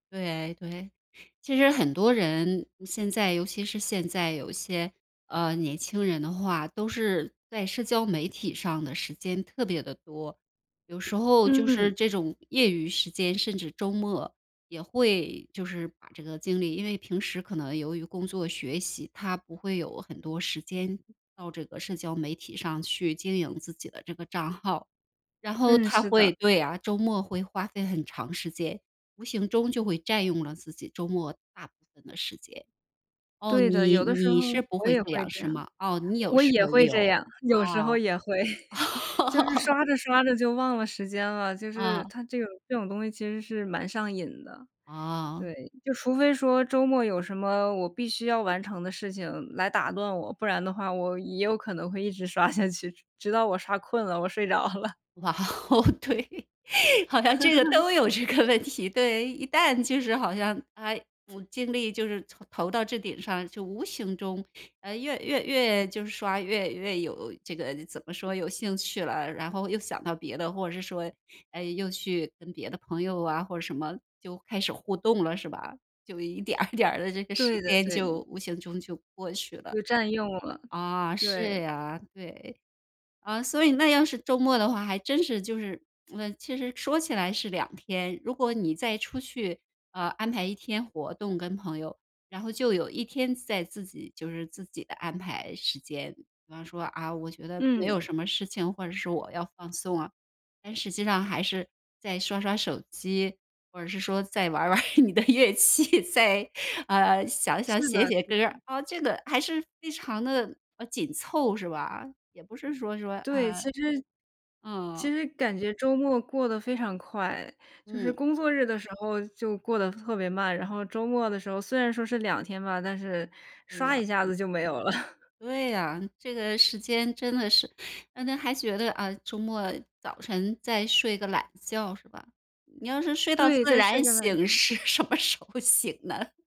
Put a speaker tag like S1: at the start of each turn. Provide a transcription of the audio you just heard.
S1: 对对。其实很多人，现在尤其是现在有些，呃年轻人的话，都是在社交媒体上的时间特别地多。有时候就是
S2: 嗯。
S1: 这种业余时间，甚至周末，也会就是把这个精力因为平时可能由于工作学习，他不会有很多时间到这个社交媒体上去经营自己的这个账号。然后
S2: 嗯，
S1: 他
S2: 是的。
S1: 会对啊，周末会花费很长时间。无形中就会占用了自己周末大部分的时间。哦，
S2: 对的，
S1: 你
S2: 有的时候
S1: 你是不
S2: 我
S1: 会
S2: 也
S1: 这
S2: 会
S1: 样
S2: 这
S1: 是
S2: 样。
S1: 吗？哦，你有
S2: 我
S1: 时
S2: 也
S1: 候也
S2: 会
S1: 有，
S2: 这样，
S1: 啊。
S2: 有时候也会，就是 刷着刷着就忘了时间了。就是，
S1: 啊。
S2: 它这个这种东西其实是蛮上瘾的，
S1: 啊。
S2: 对。就除非说周末有什么我必须要完成的事情来打断我。不然的话我也有可能会一直刷下去，直到我刷困了，我睡着了。
S1: 哇哦，对，好像这个 都有这个问题。对，一旦就是好像他无精力，就是投投到这顶上，就无形中，呃，越越越就是刷，越越有这个怎么说，有兴趣了。然后又想到别的，或者是说，哎，又去跟别的朋友啊，或者什么，就开始互动了是吧？就一点儿一点儿地这个时
S2: 对的
S1: 间，
S2: 对的。
S1: 就无形中就过去了。
S2: 就占用了，
S1: 啊，
S2: 对。
S1: 是啊，对。啊，所以那要是周末的话，还真是就是，嗯，其实说起来是2天。如果你再出去，啊，安排1天活动跟朋友。然后就有1天在自己就是自己的安排时间。比方说，啊，我觉得没
S2: 嗯。
S1: 有什么事情，或者是我要放松啊。但实际上还是，再刷刷手机，或者是说，再玩儿玩儿你的乐器，再呃，想想、
S2: 是
S1: 写
S2: 的
S1: 写
S2: 是
S1: 歌儿
S2: 的。
S1: 啊。这个还是非常地，啊，紧凑，是吧？也不是说说
S2: 对，
S1: 啊，
S2: 其实
S1: 嗯。
S2: 其实感觉周末过得非常快，就是
S1: 嗯。
S2: 工作日的时候就过得特别慢。然后周末的时候虽然说是2天吧，但是
S1: 对
S2: 唰
S1: 呀，
S2: 一下
S1: 嗯。
S2: 子就没有了。
S1: 对呀，这个时间真的是可能还觉得，呃，周末早晨，再睡个懒觉是吧，你要是睡到
S2: 对，
S1: 自
S2: 再睡
S1: 然
S2: 个懒
S1: 醒，
S2: 觉。
S1: 是什么时候醒呢？